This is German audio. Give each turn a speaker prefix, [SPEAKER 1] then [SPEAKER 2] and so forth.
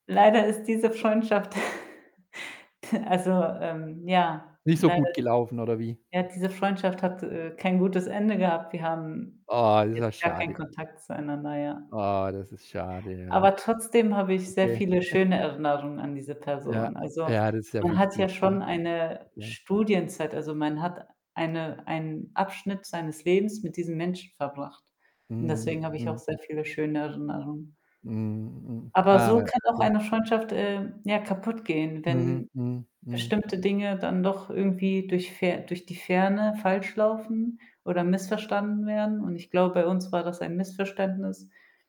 [SPEAKER 1] Leider ist diese Freundschaft also, ähm, ja,
[SPEAKER 2] Nicht so
[SPEAKER 1] leider
[SPEAKER 2] gut
[SPEAKER 1] is
[SPEAKER 2] gelaufen, oder wie?
[SPEAKER 1] ja, diese Freundschaft hat, äh, kein gutes Ende gehabt. Wir haben
[SPEAKER 2] Oh, das ist
[SPEAKER 1] jetzt
[SPEAKER 2] auch
[SPEAKER 1] gar keinen
[SPEAKER 2] schade.
[SPEAKER 1] Kontakt zueinander, ja.
[SPEAKER 2] Oh, das ist schade, ja.
[SPEAKER 1] Aber trotzdem habe ich sehr
[SPEAKER 2] Okay.
[SPEAKER 1] viele schöne Erinnerungen an diese
[SPEAKER 2] Ja,
[SPEAKER 1] Person. Also,
[SPEAKER 2] ja, das ist ja
[SPEAKER 1] man hat ja
[SPEAKER 2] wichtig, ne?
[SPEAKER 1] schon eine
[SPEAKER 2] Okay.
[SPEAKER 1] Studienzeit, also man hat eine einen Abschnitt seines Lebens mit diesem Menschen verbracht und
[SPEAKER 2] Mhm.
[SPEAKER 1] deswegen habe ich auch
[SPEAKER 2] Mhm.
[SPEAKER 1] sehr viele schöne Erinnerungen.
[SPEAKER 2] Mhm. Mhm.
[SPEAKER 1] Aber
[SPEAKER 2] Ah,
[SPEAKER 1] so kann auch
[SPEAKER 2] okay.
[SPEAKER 1] eine Freundschaft, ähm, ja, kaputtgehen, wenn
[SPEAKER 2] Mhm. Mhm. Mhm.
[SPEAKER 1] bestimmte Dinge dann doch irgendwie durch Fer durch die Ferne falsch laufen, oder missverstanden werden und ich glaube, bei uns war das ein Missverständnis.